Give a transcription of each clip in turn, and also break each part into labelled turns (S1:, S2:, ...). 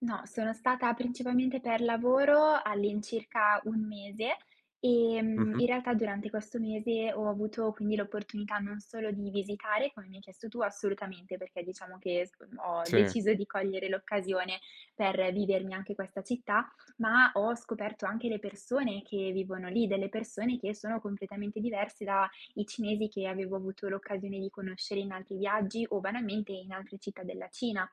S1: No, sono stata principalmente per lavoro, all'incirca 1 mese. Ehm, in
S2: Mh-mh.
S1: realtà durante questo mese, ho avuto quindi l'opportunità non solo di visitare, come mi hai chiesto tu assolutamente. Perché, diciamo, che sc ho
S2: Sì.
S1: deciso di cogliere l'occasione, per vivermi anche questa città. Ma, ho scoperto anche le persone che vivono lì. Delle persone che sono completamente diverse dai cinesi che avevo avuto l'occasione di conoscere in altri viaggi, o banalmente in altre città della Cina.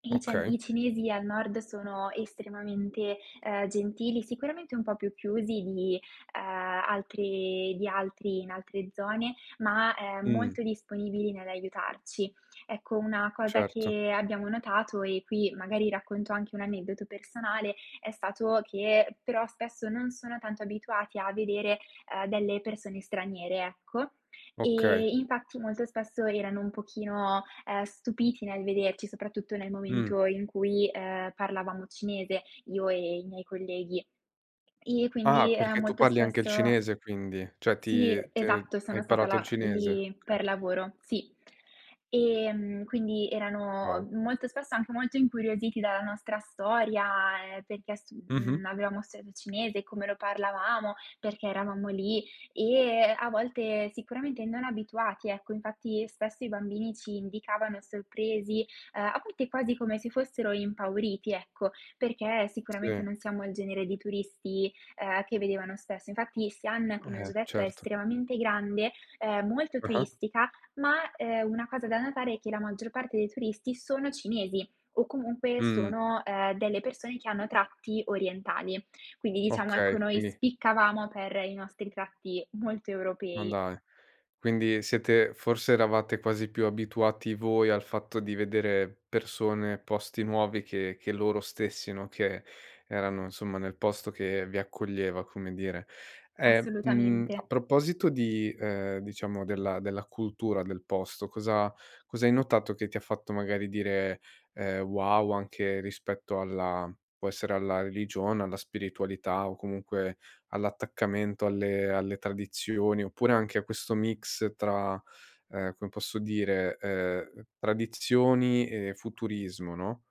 S1: I cian
S2: Okay.
S1: i cinesi al nord sono estremamente, uhm, gentili. Sicuramente un po' più chiusi di, uhm, altri di altri, in altre zone, ma, ehm,
S2: Mh.
S1: molto disponibili nell'aiutarci. Ecco, una cosa
S2: Certo.
S1: che abbiamo notato, e qui magari racconto anche un aneddoto personale, è stato che, però spesso, non sono tanto abituati a vedere, uhm, delle persone straniere, ecco.
S2: Okay.
S1: Ehm, infatti, molto spesso erano un pochino, ehm, stupiti nel vederci, soprattutto nel
S2: Mh.
S1: momento in cui, ehm, parlavamo cinese, io e e i miei colleghi. E
S2: Ah!
S1: quindi, ehm,
S2: Perché tu
S1: molto
S2: parli anche il
S1: spesso
S2: cinese quindi? Cioè,
S1: sì,
S2: ti t
S1: esatto,
S2: hai
S1: sono stata
S2: imparato il
S1: là uhm,
S2: cinese?
S1: lì,
S2: Okay.
S1: per lavoro, sì. Ehm, quindi,
S2: Wow!
S1: erano molto spesso, anche molto incuriositi dalla nostra storia, ehm, perché ha st
S2: Mh mh.
S1: mhmm, avevamo studiato cinese, come lo parlavamo, perché eravamo lì. E, a volte sicuramente, non abituati, ecco, infatti spesso i bambini ci indicavano sorpresi, uhm, a volte quasi come se fossero impauriti, ecco. Perché sicuramente,
S2: Sì.
S1: non siamo il genere di turisti, ehm, che vedevano spesso. Infatti, Xi'an, come ho
S2: Eh,
S1: già detto, è
S2: certo.
S1: estremamente grande, ehm, molto
S2: Ah-ah.
S1: turistica, ma, ehm, una cosa da notare è che la maggior parte dei turisti sono cinesi o comunque,
S2: Mh.
S1: sono, uhm, delle persone che hanno tratti orientali. Quindi, diciamo,
S2: Okay,
S1: ecco, noi
S2: quindi
S1: spiccavamo per i nostri tratti, molto
S2: Ma
S1: europei.
S2: dai, quindi siete forse, eravate quasi più abituati voi, al fatto di vedere persone, posti nuovi che che loro stessi, no, che erano insomma, nel posto che vi accoglieva, come dire. E, mhmm,
S1: Assolutamente.
S2: a proposito di, uhm, diciamo della della cultura del posto. Cosa cosa hai notato che ti ha fatto magari dire, ehm: "Wow!" anche rispetto alla può essere alla religione, alla spiritualità o comunque, all'attaccamento alle alle tradizioni, oppure anche a questo mix tra uhm, come posso dire, uhm, tradizioni e futurismo, no?